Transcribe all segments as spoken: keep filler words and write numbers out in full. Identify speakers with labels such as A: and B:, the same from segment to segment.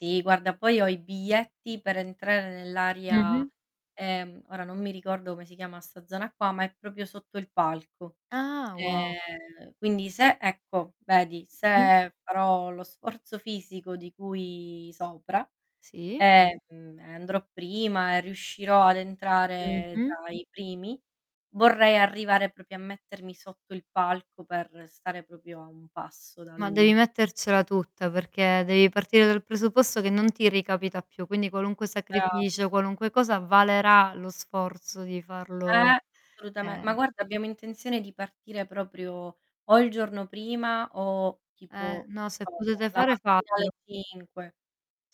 A: Sì guarda, poi ho i biglietti per entrare
B: Mh-mh.
A: nell'aria, ehm, ora non mi ricordo come si chiama sta zona qua, ma è propio sotto il palco.
B: Ah wow.
A: Ehm, quindi se ecco vedi
B: Mh-mh.
A: se farò lo sforzo fisico di cui sopra
B: Sì.
A: e, mhmm, ehm, andrò prima e riuscirò ad entrare
B: Mh-mh.
A: tra i primi, vorrei arrivare propio a mettermi sotto il palco per stare propio a un passo da
B: Ma devi
A: lui.
B: mettercela tutta perché devi partire dal presupposto che non ti ricapita più, quindi qualunque
A: Brava.
B: sacrificio, qualunque cosa, valerà lo sforzo di
A: Eh
B: farlo,
A: assolutame ma
B: ehm
A: guarda abbiamo intenzione di partire proprio o il giorno prima o
B: Eh,
A: tipo,
B: no se
A: non lo so
B: potete
A: la
B: fare
A: mattina alle
B: fatelo.
A: cinque.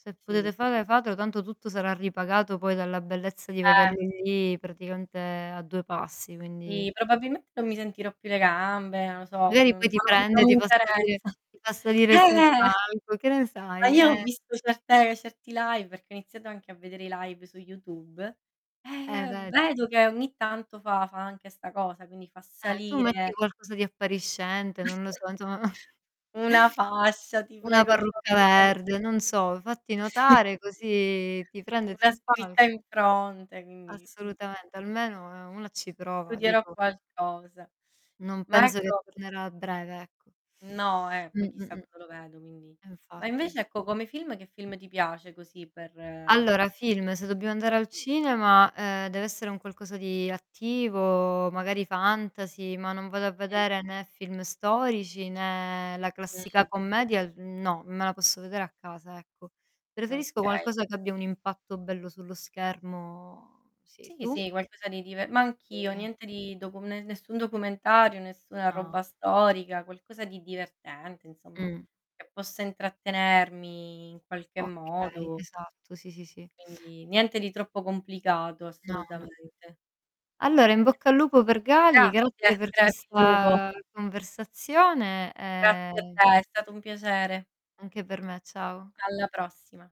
B: Se
A: Sì.
B: potete fare fatelo tanto tutto sarà ripagato poi dalla bellezza di
A: Eh.
B: vederli lì praticamente a due passi, quindi...
A: Sì, probabilmente non mi sentirò più le gambe, non lo so, ma
B: Magari
A: non
B: poi ti prende e
A: non mi
B: ti fa salire
A: interessa.
B: ti fa
A: Eh,
B: salire sul
A: eh.
B: palco, che ne
A: Ma
B: sai
A: io ho
B: eh.
A: visto certe certi live perché ho iniziato anche a vedere i live su YouTube, e,
B: Eh
A: ehm,
B: vedi.
A: vedo che ogni tanto fa fa anche sta cosa quindi fa
B: Eh, tu metti
A: salire.
B: qualcosa di appariscente, non lo so, insomma.
A: Una fascia ti
B: Una
A: prego
B: parrucca
A: [unintelligible]
B: verde, non so, fatti notare
A: Sì.
B: così ti prende
A: Una
B: sul
A: scritta in
B: palco.
A: fronte quindi mh-mh.
B: Assolutamente almeno, ehm, una ci
A: Eh,
B: prova
A: studierò
B: dico.
A: qualcosa.
B: Non
A: Ma
B: penso che
A: ecco
B: tornerà a breve ecco.
A: No eh, poi
B: Mh,
A: chissà
B: mh-mh.
A: quando lo vedo quindi. Ma
B: Infatti.
A: invece ecco come
B: Sì.
A: film che film ti piace così per
B: Allora film, se dobbiamo andare
A: [unintelligible]
B: al cinema, ehm, deve essere un qualcosa di attivo, magari fantasy, ma non vado a
A: Mh.
B: vedere né film storici, né la classica
A: Mh-mh.
B: commedia, uhm, no, me la posso vedere a casa ecco. Preferisco
A: Okay.
B: qualcosa che abbia un impatto bello sullo schermo; sì
A: Sì,
B: tu?
A: sì, qualcosa di dive ma anch'io
B: Sì.
A: niente di docu ne nessun documentario, nessuna
B: Ah.
A: roba storica, qualcosa di divertente insomma
B: Mh.
A: che possa intrattenermi in qualche
B: Okay,
A: modo.
B: esatto, sì, sì, sì.
A: Quindi niente di troppo complicato
B: No, no.
A: assolutamente.
B: Allora in bocca al lupo per Gali,
A: Grazie.
B: grazie per
A: Crepi il lupo.
B: questa conversazione
A: Grazie a
B: e
A: te, è stato un piacere.
B: Anche per me ciao.
A: Alla prossima.